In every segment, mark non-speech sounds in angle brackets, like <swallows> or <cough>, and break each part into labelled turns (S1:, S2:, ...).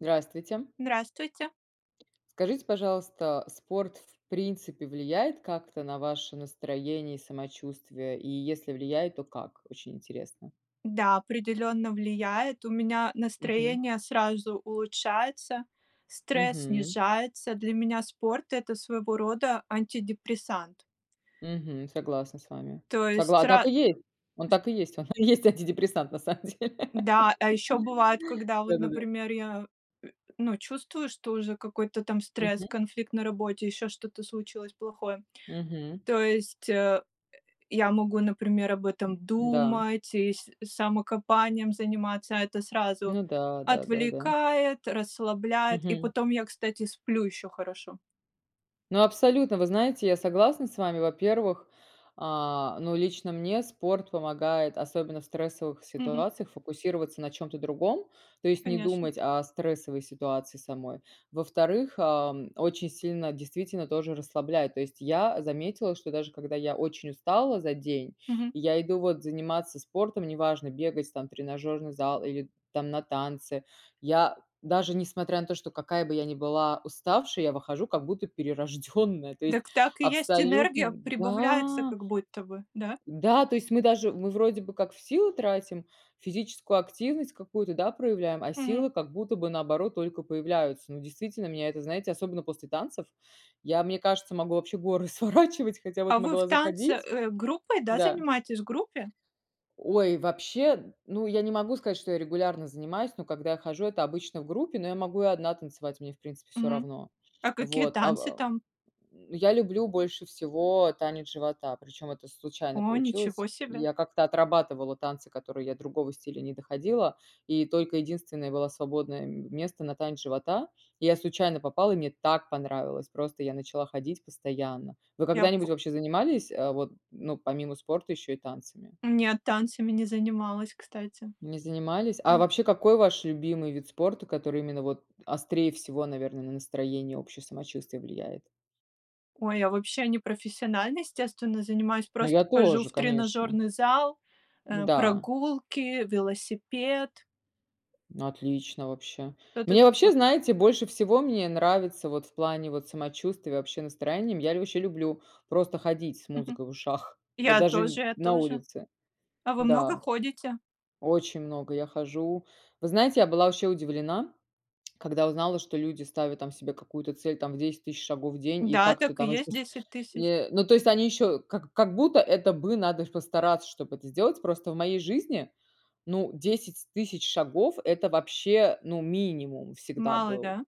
S1: Здравствуйте!
S2: Здравствуйте!
S1: Скажите, пожалуйста, спорт, в принципе, влияет как-то на ваше настроение и самочувствие? И если влияет, то как? Очень интересно.
S2: Да, определенно влияет. У меня
S1: Мгм.
S2: настроение сразу улучшается, стресс
S1: Мгм.
S2: снижается. Для меня спорт- это своего рода антидепрессант.
S1: Мгм, согласна с вами.
S2: То есть,
S1: Согла
S2: ра
S1: так и есть, он
S2: ш
S1: так и есть, он и есть антидепрессант на самом деле,. <laughs>
S2: Да, а ещё бывает, когда вот,
S1: Да-да-да.
S2: например, я, э, ну чувствую, что уже какой-то там стресс,
S1: Мгм.
S2: конфликт на работе, ещё что-то случилось плохое.
S1: Мгм.
S2: То есть, э, я могу, например, об этом
S1: Да.
S2: думать и с самокопанием заниматься, а это сразу
S1: Ну да, да-да-да.
S2: отвлекает, расслабляет, и
S1: Мгм.
S2: потом я, кстати, сплю еще хорошо.
S1: Ну абсолютно, вы знаете, я согласна с вами. Во-первых, а но лично мне спорт помогает, особенно в стрессовых
S2: Мгм.
S1: ситуациях, фокусироваться на чём-то другом. То есть не
S2: Конечно.
S1: думать о стрессовой ситуации самой. Во-вторых, а, очень сильно действительно тоже расслабляет. То есть я заметила, что даже когда я очень устала за день,
S2: Мгм.
S1: и я иду вот заниматься спортом- неважно бегать там, тренажерный зал или там на танцы. Я даже несмотря на то, что какая бы я ни была уставшая, я выхожу как будто перерожденная, то есть
S2: Дак так и есть. Энергия
S1: абсолютно
S2: прибавляется,
S1: да.
S2: как будто бы. Да?
S1: Да, то есть мы даже мы вроде бы как в силы тратим, физическую активность какую-то, да, проявляем, а
S2: Мгм.
S1: силы, как будто бы наоборот только появляются. Но действительно меня это знаете особенно после танцев, я, мне кажется, могу вообще горы сворачивать, хотя вот
S2: А вы в
S1: могла
S2: танце,
S1: заходить
S2: э, группой, да,
S1: Да.
S2: занимаетесь? В группе?
S1: Ой, вообще, ну я не могу сказать, что я регулярно занимаюсь. Но когда я хожу- это обычно в группе, но я могу и одна танцевать, мне в принципе всё
S2: Мгм.
S1: равно.
S2: А какие
S1: Вот, а,
S2: танцы
S1: в
S2: там?
S1: я люблю больше всего танец живота. Причем это случайно
S2: О, ничего
S1: получилось.
S2: себе!
S1: Я как-то отрабатывала танцы, которые я другого стиля не доходила, и только единственное было свободное м место на танец живота, и я случайно попала. И мне так понравилось, просто я начала ходить постоянно. Вы
S2: Я п
S1: когда-нибудь вообще занимались, э, вот ну помимо спорта еще и танцами?
S2: Не, танцами не занималась, кстати.
S1: Не занимались? А
S2: М.
S1: вообще, какой ваш любимый вид спорта? Который именно вот острее всего, наверное, на настроение, общее самочувствие влияет?
S2: Ой, я вообще непрофессионально, естественно, занимаюсь,
S1: Ну я
S2: просто хожу
S1: тоже,
S2: в
S1: конечно.
S2: тренажерный зал, э,
S1: Да.
S2: прогулки, велосипед.
S1: Отлично вообще.
S2: Кто ты
S1: Мне
S2: такой?
S1: вообще знаете, больше всего мне нравится вот в плане вот самочувствия и вообще настроениям, я лю очень люблю просто ходить с
S2: Мгм.
S1: музыкой в ушах, вот
S2: Я
S1: даже
S2: тоже я
S1: на
S2: тоже.
S1: улице.
S2: А вы много
S1: Да,
S2: ходите?
S1: очень много я хожу. Вы знаете, я была вообще удивлена, когда узнала, что люди ставят там себе какую-то цель там в 10000 тысяч шагов в день и
S2: Да,
S1: как ты
S2: так и
S1: там.
S2: есть
S1: <unintelligible>
S2: 10000 тысяч.
S1: Э, ну то есть они еще, как как будто это бы надо ж постараться, чтоб это сделать. Просто в моей жизни, ну 10000 тысяч шагов- это вообще, ну минимум всегда
S2: Мало,
S1: был.
S2: да?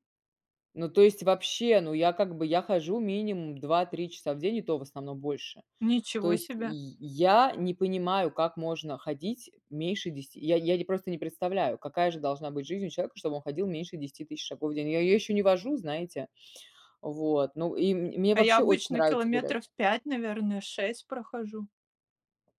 S1: Ну то есть вообще, ну я как бы я хожу минимум 2-3 часа в день и то в основном больше. То
S2: Ничего
S1: есть
S2: себе!
S1: й я не понимаю, как можно ходить меньше 10. Я я непросто не представляю, какая же должна быть жизнь у человека чтобы он ходил меньше 10000 тысяч шагов день. Я я еще не вожу, знаете, вот. Ну и мн мне
S2: А я
S1: вообще очень
S2: обычно
S1: нравится
S2: километров
S1: гулять.
S2: 5, наверное, 6 прохожу.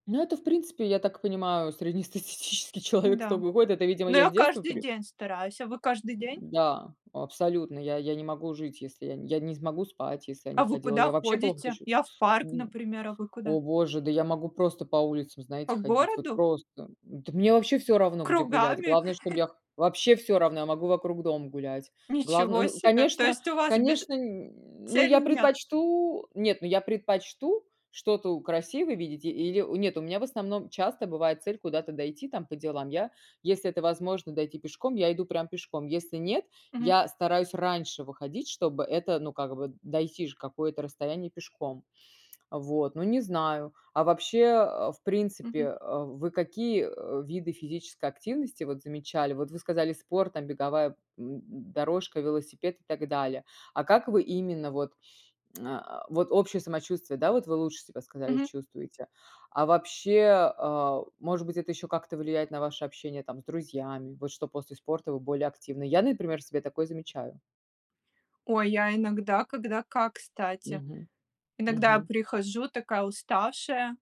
S1: Ну это в принципе, я так понимаю среднестатистический человек
S2: Да,
S1: столько ходит, это, видимо,
S2: но
S1: я с
S2: я
S1: детства
S2: каждый
S1: при
S2: день стараюсь, а вы каждый
S1: <grunts>
S2: день?
S1: Да, абсолютно. Я я не могу жить если я не я не смогу спать, если я
S2: А
S1: не
S2: вы
S1: ходила.
S2: куда
S1: Я вообще плохо себя
S2: ходите? Я в парк,
S1: чувствую.
S2: например, а вы
S1: <grunts>
S2: куда?
S1: О, Боже, да я могу просто по улицам,
S2: По
S1: знаете, ходить, вот
S2: городу?
S1: просто. Да мне вообще всё равно, где гулять,
S2: Кругами?
S1: главное чтоб
S2: <chuckles>
S1: я х Вообще всё равно, я могу вокруг дома гулять. Главное
S2: Ничего
S1: н
S2: себе! То
S1: Конечно
S2: есть у вас без
S1: конечно, <grunts> ну
S2: цели
S1: я
S2: нет?
S1: предпочту Нет, ну я предпочту что-то у красивое видеть. Или нет, у меня в основном часто бывает цель, куда-то дойти там по делам. Я, если это возможно дойти пешком, я иду прям пешком, если нет,
S2: Мгм.
S1: я стараюсь раньше выходить, чтобы это ну как бы дойти же какое-то расстояние пешком, вот ну не знаю. А вообще, э, в принципе,
S2: Мгм.
S1: э, вы какие, э, виды физической активности вот замечали? Вот вы сказали спорт там, беговая, м, дорожка, велосипед и так далее. А как вы именно вот, а, вот общее самочувствие? Да, вот вы лучше себя сказали
S2: Мгм.
S1: чувствуете. А вообще может, а, быть это ещё как-то влияет на ваше общение там с друзьями, вот что после спорта вы более активны. Я например, в себе такое замечаю.
S2: Ой, я иногда, когда как, кстати.
S1: Мгм,
S2: Иногда
S1: мгм.
S2: прихожу такая уставшая,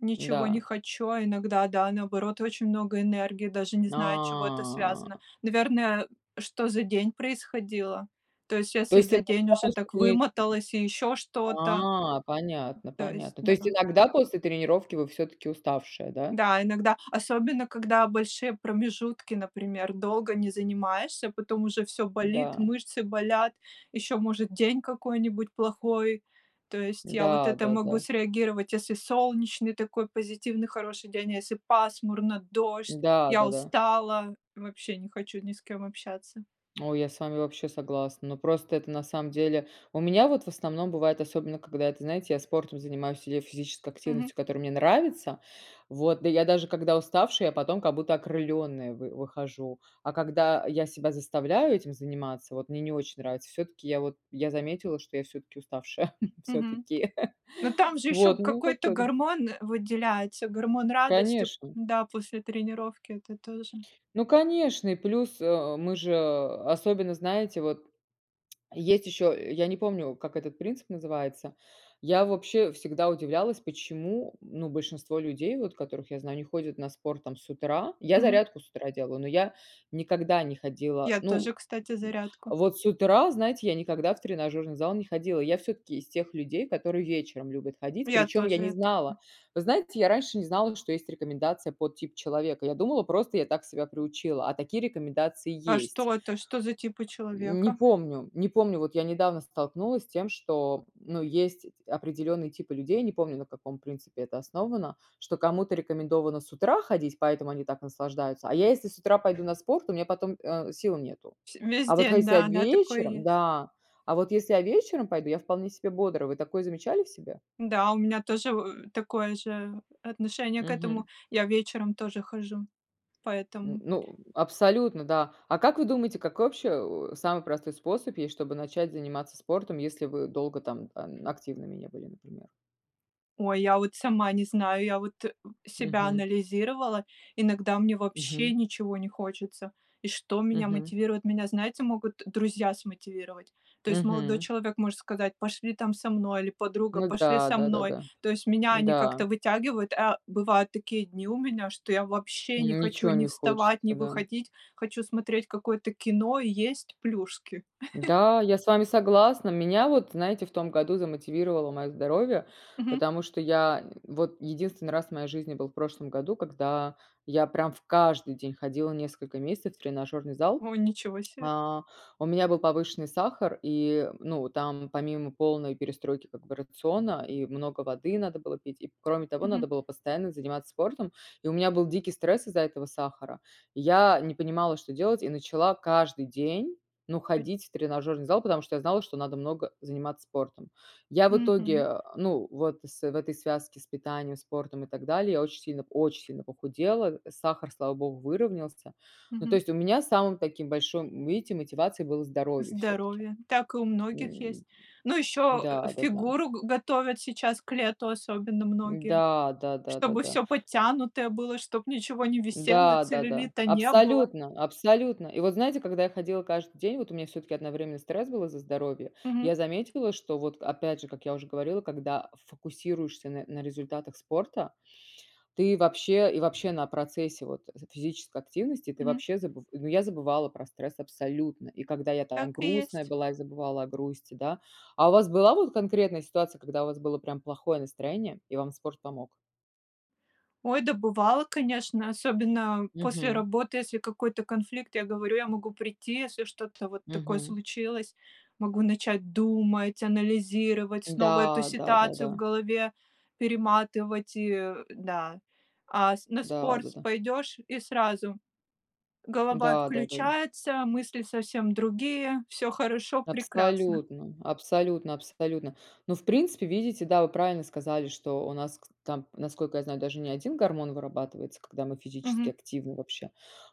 S2: ничего не
S1: Да.
S2: хочу, иногда да, наоборот, очень много энергии, даже не знаю, от чего это связано.
S1: А.
S2: Наверное, что за день происходило. То есть щас
S1: То
S2: я
S1: есть ты
S2: за день уже так
S1: иногда
S2: вымоталось, и ещё
S1: <unintelligible>
S2: что-то.
S1: А, понятно,
S2: То есть
S1: понятно. То
S2: да.
S1: есть иногда после тренировки вы всё-таки уставшая, да?
S2: Да, иногда особенно, когда большие промежутки. Например, долго не занимаешься, потом уже всё болит,
S1: Да.
S2: мышцы болят. Еще, может, день какой-нибудь плохой. То есть я вот это могу
S1: Да-да-да.
S2: среагировать, если солнечный такой позитивный хороший день, если пасмурно, дождь, я
S1: Да-да-да.
S2: устала, вообще не хочу ни с кем общаться.
S1: О, я с вами вообще согласна. Но, просто это на самом деле У меня вот в основном бывает, особенно когда, это, знаете, я спортом занимаюсь или физической
S2: Мгм.
S1: активностью, которая мне нравится. Вот да я даже когда уставшая, я потом, как будто окрыленная вы выхожу. А когда я себя заставляю этим заниматься вот, мне не очень нравится. Всё-таки я вот, я заметила, что я всё-таки уставшая <chuckles>
S2: Мгм.
S1: всё-таки. <chuckles>
S2: Но там же ещё
S1: Вот, ну как.
S2: какой-то
S1: <unintelligible>
S2: гормон выделяется, гормон радости,
S1: Конечно.
S2: да, после тренировки- это тоже
S1: Ну, конечно и плюс, э, мы же Особенно, знаете, вот есть еще, я не помню, как этот принцип называется. Я вообще всегда удивлялась, почему ну большинство людей вот, которых я знаю не ходят на спорт там с утра? Я
S2: Мгм.
S1: зарядку с утра делаю, но я никогда не ходила.
S2: Я
S1: Ну,
S2: тоже, кстати,
S1: <grunts>
S2: зарядку
S1: вот с утра, знаете, я никогда в тренажерный зал не ходила. Я всё-таки из тех людей, которые вечером любят ходить.
S2: Я
S1: Причем я
S2: тоже
S1: не
S2: это
S1: знала вы знаете, я раньше не знала, что есть рекомендация под тип человека. Я думала просто я так себя приучила, а такие рекомендации
S2: А
S1: есть.
S2: что это, что за типы
S1: Не
S2: человека?
S1: помню не помню вот я недавно столкнулась с тем, что, ну есть эти определенные типы людей. Не помню, на каком принципе это основано. Что кому-то рекомендовано с утра ходить, поэтому они так наслаждаются, а я если с утра пойду на спорт у меня потом, а, сил нету.
S2: Всь весь
S1: А вот
S2: день,
S1: хотя
S2: да, да, такое
S1: вечером
S2: есть.
S1: да, а вот если я вечером пойду, я вполне себе бодро. Вы такое замечали в себе?
S2: Да, у меня тоже <grunts> такое же отношение к этому.
S1: Мгм.
S2: Я вечером тоже хожу,
S1: Н
S2: поэтому.
S1: ну, абсолютно, да. А как вы думаете, какой вообще, а, самый простой способ есть, чтобы начать заниматься спортом? Если вы долго там ан активными не были, например?
S2: Ой, я вот сама не знаю, я вот <grunts> себя
S1: Мгм.
S2: анализировала. Иногда мне вообще
S1: Мгм.
S2: ничего не хочется. И что меня
S1: Мгм.
S2: мотивирует? Меня, знаете, могут друзья смотивировать. То есть молодой
S1: Мгм.
S2: человек может сказать: "Пошли там со мной", или подруга:
S1: Ну
S2: "Пошли
S1: да,
S2: со мной".
S1: да-да-да.
S2: То есть меня они
S1: Да.
S2: как-то вытягивают. А бывают такие дни у меня, что я вообще не хочу
S1: Ничего
S2: ни
S1: не хочется,
S2: вставать, ни
S1: да?
S2: выходить, хочу смотреть какое-то кино и есть плюшки. <chuckles>
S1: Да, я с вами согласна. Меня вот, знаете, в том году замотивировало моё здоровье.
S2: Мгм.
S1: Потому что, я вот единственный раз в моей жизни был в прошлом году, когда я прям в каждый день ходила несколько месяцев в тренажерный зал.
S2: О, ничего себе!
S1: А, у меня был повышенный сахар и, ну там помимо полной перестройки как бы рациона и много воды надо было пить, и кроме того
S2: Мгм.
S1: надо было постоянно заниматься спортом. И у меня был дикий стресс из-за этого сахара. И я не понимала, что делать и начала каждый день, ну,
S2: Пой
S1: ходить в тренажерный зал. Потому что, я знала что надо много заниматься спортом. Я в
S2: Мгм.
S1: итоге ну вот с в этой связке с питанием спортом и так далее, я очень сильно очень сильно похудела. Сахар, слава богу выровнялся. Ну, то
S2: Мгм.
S1: есть у меня самым таким большим, видите, мотивацией было здоровье всё-таки.
S2: Здоровье! Так и у многих
S1: М,
S2: есть, ну еще, э,
S1: да-да-да.
S2: фигуру г готовят сейчас, к лету особенно многие,
S1: Да да да да
S2: чтобы
S1: да.
S2: всё подтянутое было, чтоб ничего не висело,
S1: Да-да-да,
S2: целлюлита не было.
S1: абсолютно, абсолютно. И вот знаете, когда я ходила каждый день, вот у меня всё-таки одновременно стресс был из-за здоровья.
S2: Мгм.
S1: Я заметила, что вот опять же, как я уже говорила, когда фокусируешься на на результатах спорта, ты вообще и вообще на процессе вот з физической активности, ты
S2: Мгм.
S1: вообще забыв Ну я забывала про стресс абсолютно. И когда я там
S2: Так и
S1: грустная
S2: есть.
S1: была и забывала о грусти, да. А у вас была вот конкретная ситуация когда у вас было прям плохое настроение и вам спорт помог?
S2: Ой, да бывало, конечно. Особенно после
S1: Мгм.
S2: работы, если какой-то конфликт, я говорю: "Я могу прийти, если что-то вот такое
S1: Мгм.
S2: случилось". Могу начать думать, анализировать, снова эту
S1: Да,
S2: ситуацию в
S1: да-да-да.
S2: голове перематывать. И да, а с на спорт с
S1: Да-да-да.
S2: пойдешь и сразу голова
S1: Да-да-да-да.
S2: отключается, мысли совсем другие, всё хорошо, прекрасно.
S1: Абсолютно абсолютно абсолютно. Но в принципе, видите, да, вы правильно сказали. Что у нас кс там, насколько я знаю, даже не 1 гормон вырабатывается, когда мы физически
S2: Мгм.
S1: активны вообще.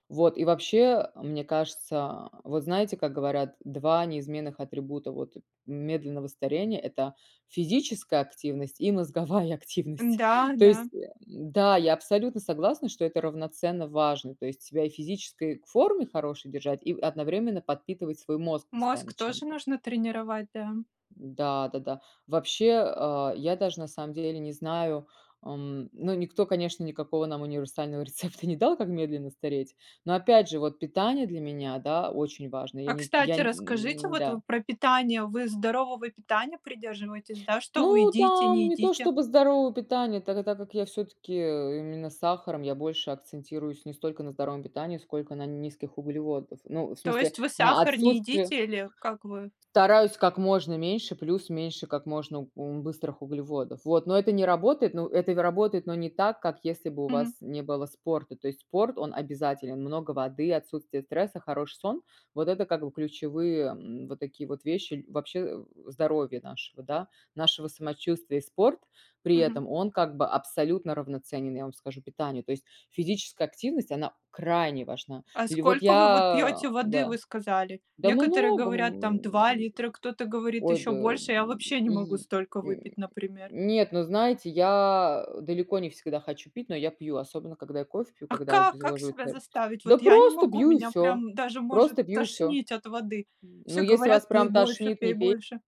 S1: Вот и вообще, мне кажется, вот знаете, как говорят 2 неизменных атрибута, вот медленного старения? Это физическая активность и мозговая активность. То
S2: Да-да.
S1: есть <grunts> да, я абсолютно согласна, что это равноценно важно, то есть себя и физической форме хорошей держать и одновременно подпитывать свой мозг
S2: Мозг
S1: постоянно
S2: тоже
S1: чем-то.
S2: нужно тренировать, да?
S1: Да-да-да, вообще, а, я даже на самом деле не знаю. А, м, но никто конечно никакого нам универсального рецепта не дал, как медленно стареть. Но, опять же, вот питание для меня, да, очень важно я
S2: А
S1: не я
S2: кстати, расскажите,
S1: нь
S2: вот вы
S1: да.
S2: про питание. Вы здорового питания придерживаетесь, да? Что вы
S1: Ну,
S2: едите, не
S1: там не то
S2: едите?
S1: чтобы здоровое питание. Та та так как я всё-таки именно сахаром. Я больше акцентируюсь не столько на здоровом питании, сколько на низких углеводов. Ну в
S2: То
S1: смысле
S2: есть вы
S1: на
S2: сахар не
S1: отсутствие
S2: едите или как вы?
S1: Стараюсь как можно меньше, плюс меньше как можно ум быстрых углеводов, вот. Но это не работает ну это вь работает, но не так, как, если бы у
S2: Мгм.
S1: вас не было спорта. То есть спорт, он обязателен. Много воды, отсутствие стресса, хороший сон- вот это как бы ключевые, м, вот такие вот вещи ль вообще здоровья нашего, да. Нашего самочувствия. И спорт при
S2: Мгм.
S1: этом, он как бы абсолютно равноценен, я вам скажу, питанию. То есть, физическая активность она крайне важна.
S2: А
S1: Или вот
S2: сколько вы вот
S1: я,
S2: пьете воды, вы
S1: да
S2: сказали?
S1: Да
S2: Некоторые
S1: много,
S2: говорят там
S1: м,
S2: 2 литра, кто-то говорит
S1: ой
S2: ещё
S1: да,
S2: больше. Я вообще не могу
S1: й
S2: столько
S1: нь
S2: выпить, например.
S1: нет, но знаете, я, э, далеко не всегда хочу пить, но я пью. Особенно, когда я кофе пью,
S2: А
S1: когда
S2: как как
S1: обезвоживает.
S2: себя
S1: <unintelligible>
S2: заставить? Вот
S1: Да
S2: я не
S1: просто,
S2: могу,
S1: пью, и
S2: меня
S1: всё
S2: прям даже может
S1: просто пью, и всё.
S2: тошнить от воды.
S1: М, ну
S2: Все
S1: если
S2: говорят:
S1: вас
S2: "Пей
S1: прям
S2: больше
S1: тошнит-
S2: пей
S1: не пей.
S2: больше".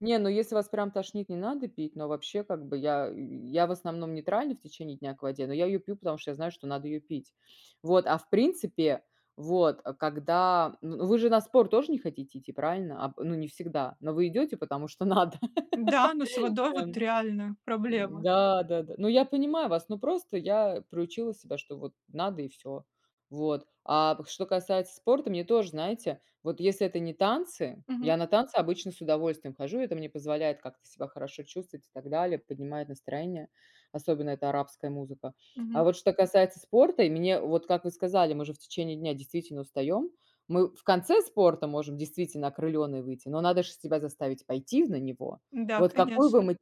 S1: Не, ну если вас прям тошнит, не надо пить. Но вообще как бы я <grunts> я в основном нейтрально в течение дня к воде. Но я её пью потому что, я знаю что надо её пить. <sniffs> Вот, а в принципе вот, э, когда ну вы же на спорт тоже не хотите идти, правильно? Аб ну, не всегда? Но вы идёте, потому что надо,
S2: Да, но с
S1: <laughs>
S2: водой вот
S1: <unintelligible>
S2: реально проблема.
S1: Да-да-да. Ну я понимаю вас, но просто я приучила себя, что вот надо, и всё. Вот, а п что касается спорта, мне тоже знаете, вот если это не танцы,
S2: Мгм.
S1: я на танцы обычно с удовольствием хожу, это мне позволяет как-то себя хорошо чувствовать и так далее, поднимает настроение, особенно это арабская музыка. А
S2: Мгм.
S1: вот что касается спорта, и мне вот как вы сказали, мы же в течение дня действительно устаем, мы в конце спорта можем действительно окрыленной выйти. Но надо ж себя заставить пойти в на него.
S2: Да,
S1: Вот какой вы
S2: конечно.
S1: м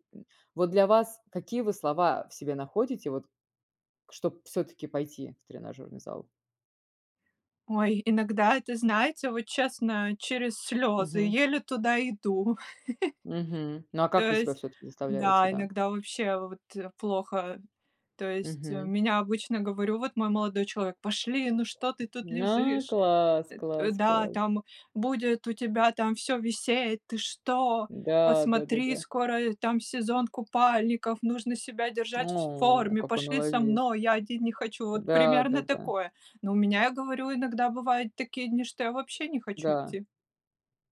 S1: вот для вас какие вы слова в себе находите вот, чтоб всё-таки пойти в тренажёрный зал?
S2: Ой, иногда это, знаете, вот честно через слезы,
S1: Мгм.
S2: еле туда иду.
S1: Мгм,
S2: <chuckles>
S1: ну а
S2: То
S1: как вы себя
S2: есть
S1: всё-таки заставляете,
S2: да,
S1: да?
S2: иногда вообще вот плохо. То есть
S1: Мгм.
S2: меня обычно, говорю, вот мой молодой человек: "Пошли, ну что ты тут
S1: А,
S2: лежишь!
S1: класс,
S2: <grunts>
S1: класс,
S2: Да,
S1: класс.
S2: там будет у тебя там всё висеть, ты что? Вот
S1: Да да да
S2: смотри,
S1: да.
S2: скоро, э, там сезон купальников, нужно себя держать вс в
S1: О,
S2: форме,
S1: какой
S2: пошли со
S1: молодец!
S2: мной, я один не хочу." Вот примерно
S1: Да-да-да.
S2: такое. Но у меня я говорю иногда бывает такие дни, что я вообще не хочу
S1: Да.
S2: идти.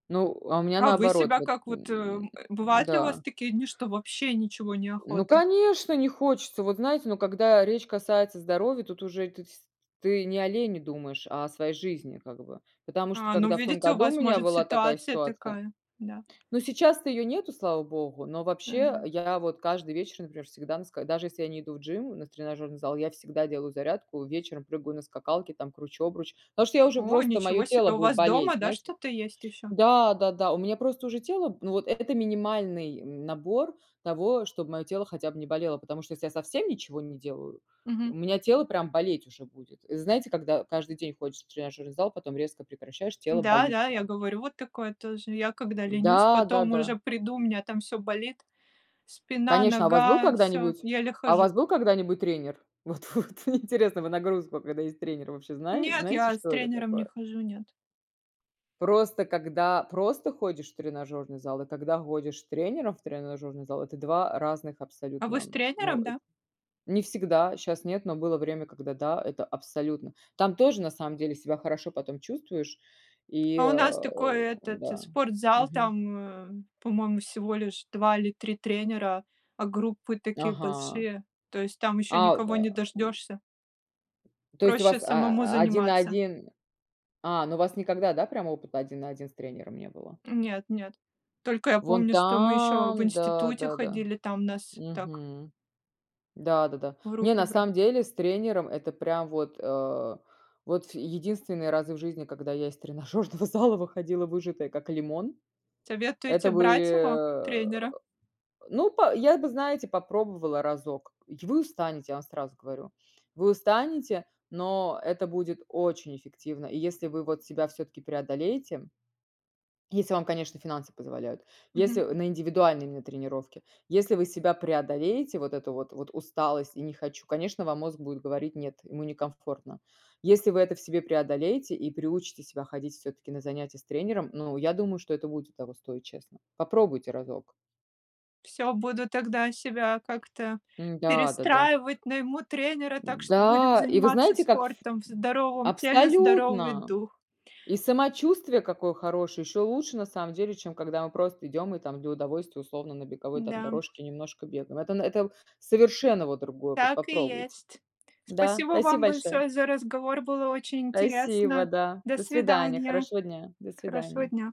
S1: Ну, а у меня
S2: А вы
S1: наоборот.
S2: себя
S1: Вот,
S2: как
S1: м,
S2: вот, э, <grunts> бывает ли у вас
S1: да.
S2: такие дни, что вообще ничего не
S1: Ну
S2: охота?
S1: конечно, не хочется, вот знаете, но когда речь касается здоровья, тут уже ты сь ты не о лени думаешь, а о своей жизни как бы. Потому что,
S2: А, ну
S1: когда в том
S2: видите у
S1: году у
S2: вас
S1: меня
S2: может
S1: была такая
S2: ситуация
S1: ситуация.
S2: такая, да.
S1: Но сейчас то её нету, слава богу. Но вообще
S2: Да-да.
S1: я вот каждый вечер, например, всегда на ска даже если я не иду в gym, у нас тренажерный зал, я всегда делаю зарядку, вечером прыгаю на скакалке, там кручу обруч. Потому что, я уже
S2: О,
S1: просто, моё
S2: ничего себе!
S1: тело
S2: У
S1: будет
S2: вас
S1: болеть,
S2: дома, да,
S1: знаете.
S2: что-то есть еще?
S1: Да-да-да, у меня просто уже тело ну вот это это минимальный набор того, чтоб моё тело хотя бы не болело. Потому что, если совсем ничего не делаю, у
S2: Мгм.
S1: меня тело прям болеть уже будет. Это знаете, когда каждый день ходишь в тренажерный зал, потом резко прекращаешь, тело болит
S2: Да-да, я
S1: прям.
S2: говорю вот такое тоже. Я когда ленюсь, потом уже
S1: Да-да-да.
S2: приду, у меня там всё болит, спина,
S1: Конечно, а у вас был
S2: нога, всё,
S1: когда-нибудь
S2: еле
S1: а у
S2: хожу.
S1: вас был когда-нибудь тренер? Вот-вот, мне интересно, вы нагрузку, когда есть тренер вообще знае
S2: Нет,
S1: знаете,
S2: я с
S1: что это
S2: тренером не
S1: такое?
S2: хожу, нет.
S1: Просто, когда просто ходишь в тренажерный зал и когда ходишь с тренером в тренажерный зал- это 2 разных
S2: А вы с
S1: абсолютно. Но
S2: тренером,
S1: эт
S2: да?
S1: не всегда. Щас нет, но было время когда, да, это абсолютно. Там тоже на самом деле себя хорошо потом чувствуешь и,
S2: А у нас
S1: э,
S2: такой этот, э,
S1: да.
S2: спортзал,
S1: Мгм.
S2: там, по-моему, всего лишь 2 или 3 тренера, а группы такие
S1: Ага.
S2: большие. То есть там ещё
S1: А.
S2: никого не
S1: <grunts>
S2: дождешься.
S1: То есть у вас,
S2: Проще самому
S1: а, один на
S2: заниматься.
S1: один? А, ну у вас никогда, да, прямо опыта один на один с тренером не было?
S2: Нет нет. Только я
S1: Вон
S2: помню, что мы еще в
S1: там, да,
S2: институте
S1: да-да.
S2: ходили, там нас так
S1: Мгм. Да-да-да.
S2: В
S1: Не,
S2: руки
S1: на
S2: бра
S1: самом деле с тренером- это прям вот, э, вот ф единственные разы в жизни, когда я из тренажерного зала выходила выжатая как лимон.
S2: Советуете
S1: Это
S2: брать его,
S1: были, э,
S2: тренера?
S1: ну па я бы, знаете, попробовала разок, й вы устанете, я вам сразу говорю. <sniffs> Вы устанете, но это будет очень эффективно, и если вы вот себя всё-таки преодолеете <swallows> если вам, конечно, финансы позволяют. Если
S2: Мгм.
S1: на индивидуальные именно тренировки. Если вы себя преодолеете вот это вот, вот усталость и не хочу. Конечно вам мозг будет говорить "нет", ему некомфортно. Если вы это в себе преодолеете и приучите себя ходить всё-таки на занятии с тренером. Ну я думаю, что это будет того стоить, честно. Попробуйте разок.
S2: Всё, буду тогда себя как-то
S1: Да-да-да.
S2: перестраивать, найму тренера, так что будем
S1: Да, и вы
S2: заниматься
S1: знаете, как?
S2: спортом. В
S1: <grunts>
S2: здоровом теле- здоровый
S1: Абсолютно!
S2: дух.
S1: И самочувствие какое хорошее. Ещё лучше на самом деле, чем когда мы просто идём и там для удовольствия, условно на беговой там
S2: Да.
S1: дорожке, немножко бегаем. Это на это совершенно вот другое, вот
S2: Так и
S1: попробуйте!
S2: есть.
S1: Да,
S2: Спасибо
S1: спасибо
S2: вам
S1: большое!
S2: большое за разговор, было очень
S1: Спасибо
S2: интересно.
S1: да,
S2: До
S1: до свидания,
S2: свидания.
S1: хорошего дня, до
S2: Хорошего
S1: свидания.
S2: дня.